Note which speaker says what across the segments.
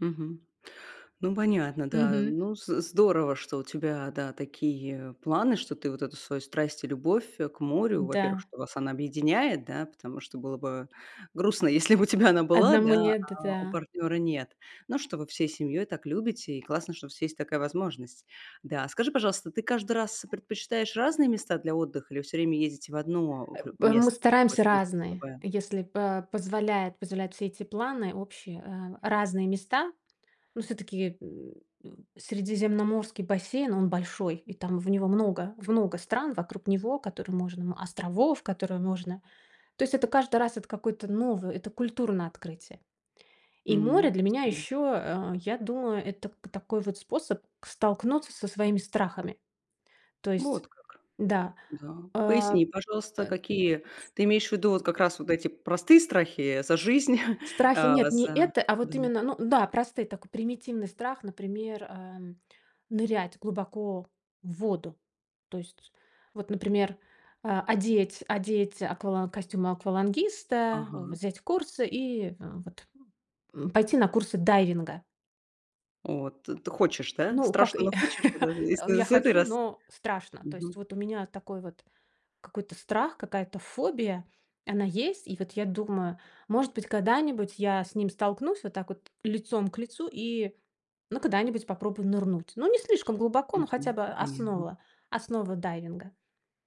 Speaker 1: Мгм. Ну, понятно, да.
Speaker 2: Мгм.
Speaker 1: Ну, з здорово, что у тебя, да, такие планы, что ты вот эту свою страсть и любовь к морю. Во-первых,
Speaker 2: Да.
Speaker 1: что вас она объединяет, да, потому что было бы грустно, если бы у тебя она была,
Speaker 2: Одному
Speaker 1: да,
Speaker 2: нет, д
Speaker 1: а у
Speaker 2: да.
Speaker 1: партнёра нет. Ну что, вы всей семьёй так любите, и классно, что у вас есть такая возможность. Да, а скажи, пожалуйста, ты каждый раз предпочитаешь разные места для отдыха или всё время ездите в одно
Speaker 2: Э,
Speaker 1: в
Speaker 2: п Мы
Speaker 1: место
Speaker 2: стараемся
Speaker 1: какое-то, есть
Speaker 2: разные,
Speaker 1: особое?
Speaker 2: если по позволяет позволяют все эти планы общие, э, разные места. Ну, всё-таки, м м, средиземноморский бассейн он большой, и там в него много в много стран вокруг него, которые можно островов, которые можно. То есть это каждый раз это какое-то новое, это культурное открытие. И море
Speaker 1: М,
Speaker 2: для
Speaker 1: с
Speaker 2: меня
Speaker 1: м.
Speaker 2: ещё, э, я думаю, это к такой вот способ к столкнуться со своими страхами. То есть
Speaker 1: Вот как.
Speaker 2: да,
Speaker 1: Да.
Speaker 2: э,
Speaker 1: Поясни,
Speaker 2: э,
Speaker 1: пожалуйста, какие ты имеешь в виду вот как
Speaker 2: ц
Speaker 1: раз вот эти простые страхи, э, за жизнь?
Speaker 2: С страхи
Speaker 1: Э,
Speaker 2: нет, не
Speaker 1: за,
Speaker 2: это, а вот
Speaker 1: мгм.
Speaker 2: именно, ну да, простой такой примитивный страх, например, э, нырять глубоко в воду. То есть, вот например, а одеть одеть аквалан костюмы аквалангиста,
Speaker 1: Ага.
Speaker 2: взять курсы и вот, м, пойти на курсы дайвинга.
Speaker 1: От, ты хочешь, да?
Speaker 2: Ну, как,
Speaker 1: Страшно,
Speaker 2: э
Speaker 1: но хочешь? Вот это и с
Speaker 2: ну, я
Speaker 1: с этой
Speaker 2: хочу,
Speaker 1: рас
Speaker 2: но страшно. То есть
Speaker 1: мгм.
Speaker 2: вот у меня такой вот какой-то страх, какая-то фобия, она есть. И вот я думаю, может быть, когда-нибудь я с ним столкнусь вот так вот лицом к лицу и, ну, когда-нибудь попробую нырнуть. Ну, не слишком глубоко, ну, хотя
Speaker 1: Мгм.
Speaker 2: бы
Speaker 1: Понятно.
Speaker 2: основа основа дайвинга.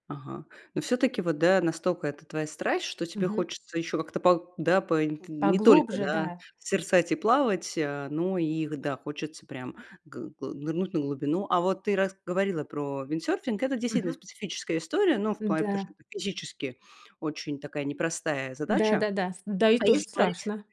Speaker 1: Ага. Но всё-таки, вот да, настолько это твоя страсть, что тебе
Speaker 2: Мгм.
Speaker 1: хочется ещё как-то по да, по инт не только,
Speaker 2: Поглубже,
Speaker 1: да,
Speaker 2: да.
Speaker 1: созерцать и плавать, э, но и г да, хочется прям гы гы нырнуть на глубину. А вот ты рас говорила про виндсерфинг, это действительно
Speaker 2: Мгм.
Speaker 1: специфическая история, ну, в плане, потому
Speaker 2: Н-да.
Speaker 1: что это физически очень такая непростая задача.
Speaker 2: Да-да-да, с да, и
Speaker 1: А
Speaker 2: тоже
Speaker 1: если говорить
Speaker 2: страшно.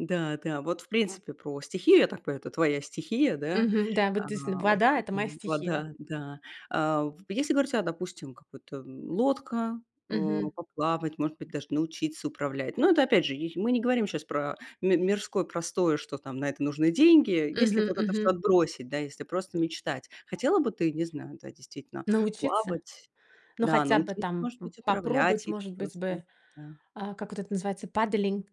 Speaker 1: да, да, вот, в принципе, про стихию, я так понимаю, это твоя стихия, да,
Speaker 2: Мгм, да. Вот действительно.
Speaker 1: эм,
Speaker 2: Вода- это моя стихия.
Speaker 1: вода, да. А в если говорить о, допустим, какой-то, м, лодка, а,
Speaker 2: Мгм.
Speaker 1: поплавать, может быть, даже научиться управлять. Но это, опять же, й мы не говорим щас про ми мирское простое, что там на это нужны деньги. Если
Speaker 2: Мгм,
Speaker 1: вот это всё
Speaker 2: мгм.
Speaker 1: отбросить, да, если просто мечтать, хотела бы ты, не знаю, да, действительно,
Speaker 2: Научиться?
Speaker 1: плавать?
Speaker 2: Ну,
Speaker 1: Да,
Speaker 2: хотя бы
Speaker 1: научиться,
Speaker 2: там
Speaker 1: может
Speaker 2: п
Speaker 1: быть, управлять,
Speaker 2: попробовать,
Speaker 1: или
Speaker 2: может быть
Speaker 1: просто,
Speaker 2: бы,
Speaker 1: да?
Speaker 2: э, как вот это называется, paddling,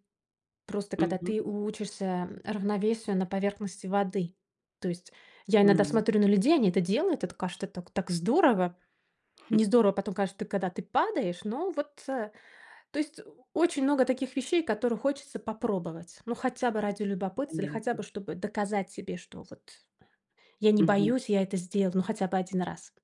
Speaker 2: просто когда
Speaker 1: Мгм.
Speaker 2: ты учишься равновесию на поверхности воды. То есть я иногда
Speaker 1: М.
Speaker 2: смотрю на людей, они это делают, это, кажется, так так здорово.
Speaker 1: Хм.
Speaker 2: Не здорово потом, каж когда ты падаешь, но вот, э, то есть очень много таких вещей, которые хочется попробовать. Ну, хотя бы ради любопытства или хотя
Speaker 1: Понятно.
Speaker 2: бы чтобы доказать себе, что вот я не
Speaker 1: Мгм.
Speaker 2: боюсь, я это сделал, ну, хотя бы 1 раз.